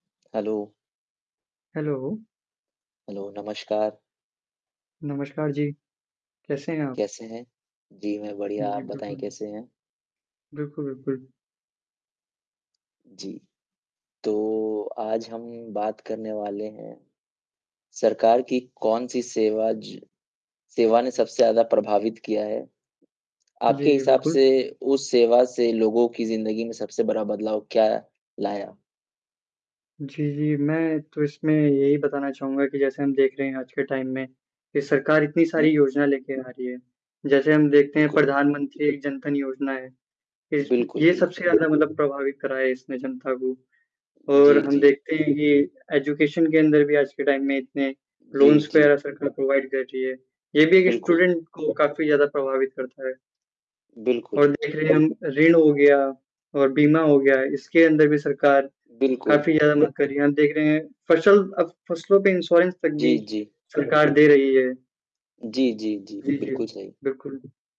Hello! Hello! Hello, नमस्कार। नमस्कार जी। कैसे हैं आप? कैसे है? जी मैं बढ़िया जी, जी, आप बिल्कुल, बताएँ बिल कैसे हैं? बिल्कुल, बिल्कुल। जी। तो आज हम बात करने वाले हैं, सरकार की कौन-सी सेवा ज सेवा ने सबसे ज़्यादा प्रभावित किया है। जी, आपके जी, हिसाब बिल्कुल। से उस सेवा से लोगों की जिंदगी में सबसे बड़ा बदलाव क्या लाया? जी, जी, मैं तो इसमें यही बताना चाहूँगा कि जैसे हम देख रहे हैं आज के टाइम में की सरकार इतनी हुँ, सारी हुँ। योजना लेके आ रही है। जैसे हम देखते हैं बिल्कुल। प्रधानमंत्री एक जन धन योजना है। देश में बिल्कुल, ये सबसे बिल्कुल। ज़्यादा मतलब प्रभावित करा है इसने जनता को जी, और हम जी। देखते हैं कि एजुकेशन के अंदर भी आज के टाइम में इतने जी, लोन्स जी। वग़ैरह सरकार प्रोवाइड कर रही है। ये भी एक बिल्कुल। स्टूडेंट को काफ़ी ज़्यादा प्रभावित करता है। बिल्कुल। और देख रहे हैं हम ऋण हो गया और बीमा हो गया। इसके अंदर भी सरकार बिल्कुल। काफ़ी ज़्यादा मदद कर रही है। हम देख रहे हैं फसल अब फसलों पे इंश्योरेंस तक जी, भी जी। सरकार दे रही है। जी, जी, जी। जी, जी, बिल्कुल सही। बिल्कुल, बि